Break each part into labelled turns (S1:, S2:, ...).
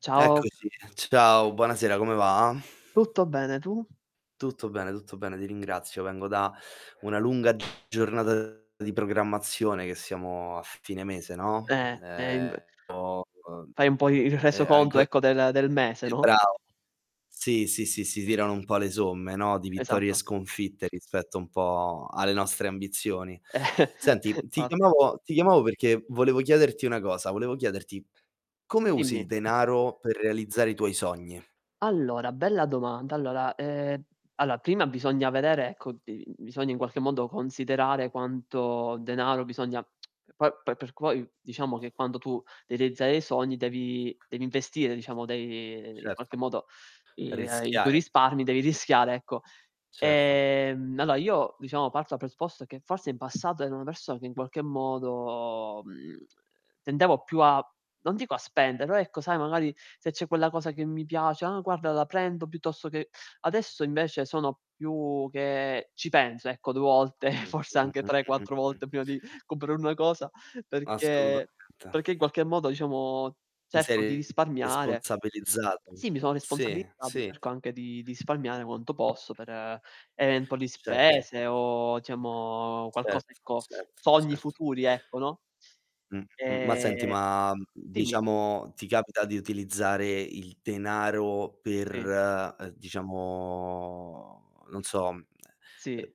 S1: Ciao.
S2: Eccoci. Ciao, buonasera, come va?
S1: Tutto bene, tu?
S2: Tutto bene, tutto bene, ti ringrazio. Vengo da una lunga giornata di programmazione che siamo a fine mese, no,
S1: Ehm ehm, inv
S2: ehm ho uhm,
S1: Fai un po' i il reso
S2: ehm,
S1: conto
S2: anco e
S1: ecco del del mese, no?
S2: brav sì, sì, sì, si tirano un po' le somme, no, di vittorie e
S1: Esatto.
S2: sconfitte rispetto un po' alle nostre ambizioni. Senti, ti
S1: Fatti.
S2: chiamavo ti chiamavo perché volevo chiederti una cosa, volevo chiederti: come usi il
S1: Dimmi.
S2: denaro per realizzare i tuoi sogni?
S1: Allora, bella domanda. Allora, ehm, allora prima bisogna vedere, ecco, uhm, bisogna in qualche modo considerare quanto denaro bisogna poi per perc poi diciamo che quando tu devi realizzare i sogni devi devi investire, diciamo, dei ehm, in
S2: Certo.
S1: qualche modo i ehm, i tuoi
S2: Rischiare.
S1: risparmi, devi rischiare, ecco.
S2: Certo.
S1: Ehm, allora io, diciamo, parto dal presupposto che forse in passato ero una persona che in qualche modo, mhmm, tendevo più a non dico a spendere, però ecco sai magari se c'è quella cosa che mi piace: "Ah guarda la prendo", piuttosto che adesso invece sono più che ci penso, ecco, 2 volte, forse
S2: Mh-mh,
S1: anche tre,
S2: Mh-mh,
S1: quattro
S2: mh.
S1: volte prima di comprare una cosa, perché
S2: Assolutamente.
S1: perché in qualche modo, diciamo,
S2: Ti
S1: cerco di
S2: sei
S1: risparmiare
S2: responsabilizzato.
S1: sì, mi sono
S2: Sì,
S1: responsabilizzato,
S2: sì.
S1: cerco anche di di risparmiare quanto posso per eventuali
S2: Certo.
S1: spese o diciamo
S2: Certo,
S1: qualcosa, ecco
S2: certo,
S1: sogni
S2: certo.
S1: futuri, ecco, no?
S2: M m ma senti,
S1: Ehm
S2: ma, uhm,
S1: dimmi.
S2: diciamo ti capita di utilizzare il denaro per,
S1: Sì.
S2: ehm, diciamo non so, uhm,
S1: Sì.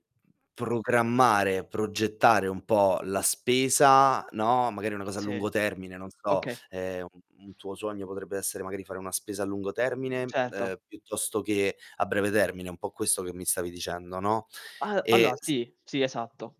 S2: programmare, progettare un po' la spesa, no, magari una cosa a
S1: Sì.
S2: lungo termine, non so,
S1: Okay.
S2: ehm, un un tuo sogno potrebbe essere magari fare una spesa a lungo termine,
S1: Certo.
S2: ehm, piuttosto che a breve termine, un po' questo che mi stavi dicendo, no?
S1: Al allora,
S2: E s
S1: sì, sì, esatto.